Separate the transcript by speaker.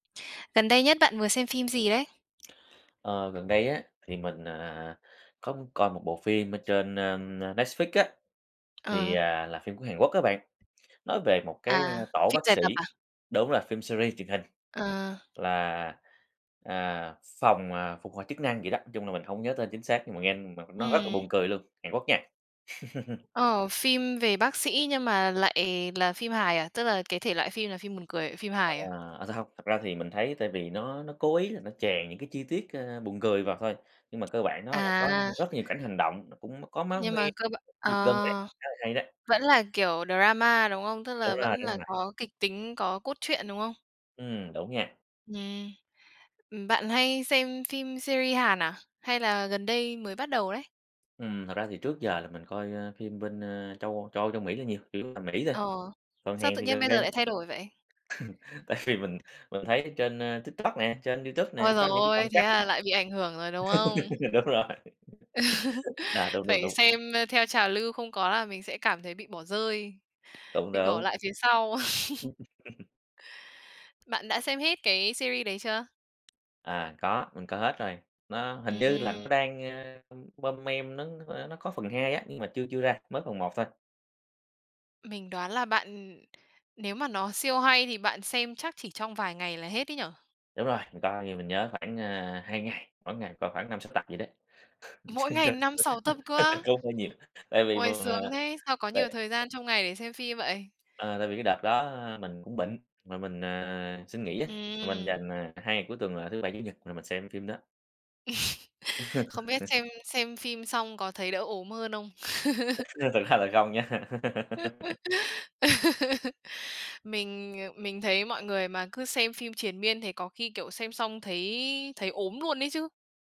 Speaker 1: Gần đây nhất bạn vừa xem phim gì đấy?
Speaker 2: Ờ, gần đây á thì mình, à, à, à, có muốn coi một bộ phim ở trên, na, ưm, na, Netflix á. Thì,
Speaker 1: À.
Speaker 2: à, là phim của Hàn Quốc á bạn, nói về một cái,
Speaker 1: À,
Speaker 2: a, tổ
Speaker 1: phim
Speaker 2: bác
Speaker 1: dài
Speaker 2: sĩ,
Speaker 1: tập à?
Speaker 2: đúng rồi phim series truyền hình.
Speaker 1: À.
Speaker 2: Là, à, phòng, à, phục hồi chức năng vậy đó, nói chung là mình hông nhớ tên chính xác nhưng mà nghe mà nó rất là
Speaker 1: Ừm.
Speaker 2: buồn cười luôn, Hàn Quốc nha.
Speaker 1: Ờ, phim về bác sĩ nhưng mà lại là phim hài à? Tức là cái thể loại phim là phim buồn cười, phim
Speaker 2: Ờ,
Speaker 1: hài à?
Speaker 2: à ra hông, thật ra thì mình thấy tại vì nó nó cố ý là nó chèn những cái chi tiết, ơ, buồn cười vào thôi, nhưng mà cơ bản nó là có
Speaker 1: À.
Speaker 2: rất nhiều cảnh hành động, mà cũng có máu
Speaker 1: Nhưng
Speaker 2: me,
Speaker 1: mà cơ b
Speaker 2: giật gân đấy,
Speaker 1: ờ,
Speaker 2: khá là hay đấy.
Speaker 1: vẫn là kiểu drama, đúng không? Tức là
Speaker 2: Đúng rồi,
Speaker 1: vẫn
Speaker 2: đúng
Speaker 1: là
Speaker 2: rồi.
Speaker 1: có kịch tính, có cốt truyện, đúng không?
Speaker 2: Ừm, đúng nha.
Speaker 1: Nhè. Ừm, bạn hay xem phim series Hàn à? Hay là gần đây mới bắt đầu đấy?
Speaker 2: Ừm. Thật ra thì trước giờ là mình coi phim bên, ơ, châu Âu châu Âu, châu Mỹ là nhiều, chủ yếu là Mỹ thôi,
Speaker 1: Ờ.
Speaker 2: còn
Speaker 1: Sao
Speaker 2: Hàn
Speaker 1: tự
Speaker 2: thì
Speaker 1: nhiên
Speaker 2: gần
Speaker 1: bây giờ
Speaker 2: đây.
Speaker 1: lại thay đổi vậy?
Speaker 2: Tại vì mình mình thấy ở trên, a, TikTok nè, trên Youtube
Speaker 1: Ôi,
Speaker 2: nè, có
Speaker 1: giời
Speaker 2: những cái đoạn
Speaker 1: ôi, thế
Speaker 2: cắt
Speaker 1: là
Speaker 2: á.
Speaker 1: lại bị ảnh hưởng rồi, đúng không?
Speaker 2: Đúng rồi. Đó, đúng, đúng,
Speaker 1: Phải
Speaker 2: đúng.
Speaker 1: xem, ơ, theo trào lưu không có là mình sẽ cảm thấy bị bỏ rơi,
Speaker 2: Cũng
Speaker 1: bị bỏ
Speaker 2: đúng.
Speaker 1: lại phía sau. Bạn đã xem hết cái series đấy chưa?
Speaker 2: À, có, mình coi hết rồi, nó hình
Speaker 1: Ừm,
Speaker 2: như là
Speaker 1: ừm.
Speaker 2: nó đang, ơ, ưm, mon men nó, ơ, nó có phần 2 á, nhưng mà chưa chưa ra, mới phần 1 thôi.
Speaker 1: Mình đoán là bạn, ừm nếu mà nó siêu hay thì bạn xem chắc chỉ trong vài ngày là hết ấy nhỉ?
Speaker 2: Đúng rồi, mình coi thì mình nhớ khoảng, ơ, 2 ngày, mỗi ngày coi khoảng 5-6 tập vậy đó,
Speaker 1: Mỗi ngày
Speaker 2: [unintelligible]
Speaker 1: 5-6 tập cơ á?
Speaker 2: cũng hơi nhiều, tại vì
Speaker 1: Ôi,
Speaker 2: mình mình, à,
Speaker 1: sướng thế, sao có nhiều
Speaker 2: tại
Speaker 1: thời gian trong ngày để xem phim vậy?
Speaker 2: À, tại vì cái đợt đó mình cũng bệnh mà mình, à, xin nghỉ á, mình
Speaker 1: Ừm.
Speaker 2: dành, à, 2 ngày cuối tuần là thứ Bảy, Chủ nhật rồi mình xem phim đó.
Speaker 1: Không biết xem xem phim xong có thấy đỡ ốm hơn không?
Speaker 2: Ừ, nhưng thực ra là không nha.
Speaker 1: Mình, ờ, mình thấy mọi người mà cứ xem phim triền miên thế có khi, kiểu, xem xong thấy thấy ốm luôn ấy chứ.